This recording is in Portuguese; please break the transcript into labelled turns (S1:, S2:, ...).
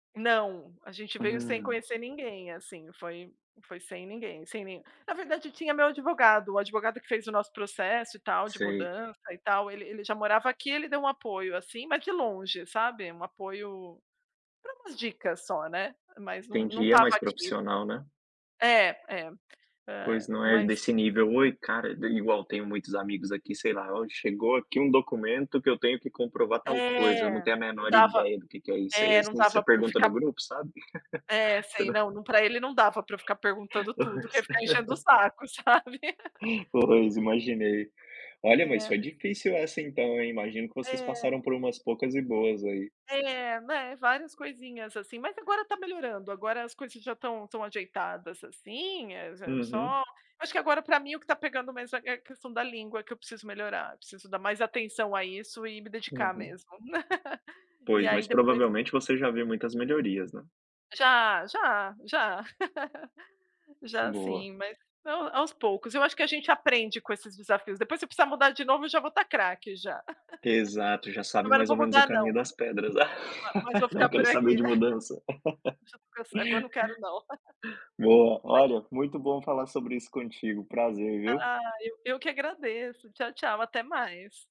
S1: Não, a gente veio sem
S2: Hum.
S1: conhecer ninguém, assim, foi foi sem ninguém, sem nem na verdade tinha meu advogado, o advogado que fez o nosso processo, e tal, de
S2: Sei.
S1: mudança e tal, ele ele já morava aqui, ele deu um apoio, assim, mas de longe, sabe. Um apoio pra umas dicas só, né. Mas não não
S2: Entendi. É
S1: estava
S2: mais
S1: aqui.
S2: profissional, né?
S1: É, é. Eh,
S2: Pois, não é
S1: mas
S2: desse nível: "Oi cara", de igual tenho muitos amigos aqui, sei lá, hoje chegou aqui um documento que eu tenho que comprovar tal coisa, eu não
S1: É.
S2: tenho a
S1: Não
S2: menor
S1: dava
S2: ideia do que que é isso. E aí,
S1: eh, não
S2: assim, você
S1: dava pra eu
S2: pergunta no
S1: ficar
S2: grupo sabe?
S1: é,
S2: Você
S1: sei,
S2: não
S1: não não pra ele não dava pra eu ficar perguntando tudo, porque eu ia
S2: Pois.
S1: ficar enchendo o saco, sabe.
S2: Pois, imaginei. Olha, mas
S1: É.
S2: foi difícil essa então, hein? Imagino que vocês
S1: É.
S2: passaram por umas poucas e boas aí.
S1: É, né, várias coisinhas, assim, mas agora está melhorando, agora as coisas já estão estão ajeitadas assim, eh, já só
S2: Uhum.
S1: acho que agora pra mim o que está pegando mesmo é é a questão da língua, que eu preciso melhorar. Preciso dar mais atenção a isso, e me dedicar
S2: Uhum.
S1: mesmo. E
S2: Pois,
S1: aí
S2: mas
S1: depois
S2: provavelmente você já viu muitas melhorias, né?
S1: Já, já, já. Já
S2: Boa.
S1: sim, mas não, aos poucos. Eu acho que a gente aprende com esses desafios, depois se eu precisar mudar de novo, eu já vou estar craque, já.
S2: Exato, já sabe
S1: Agora eu
S2: mais
S1: vou
S2: ou menos o
S1: mudar não.
S2: caminho das pedras.
S1: Ma mas vou
S2: Não
S1: ficar por
S2: quero saber
S1: aqui.
S2: de mudança.
S1: [unintelligible] quando quero não.
S2: Boa.
S1: Mas
S2: Olha, muito bom falar sobre isso contigo, prazer viu.
S1: Ah, eu eu que agradeço. Tchau, tchau, até mais.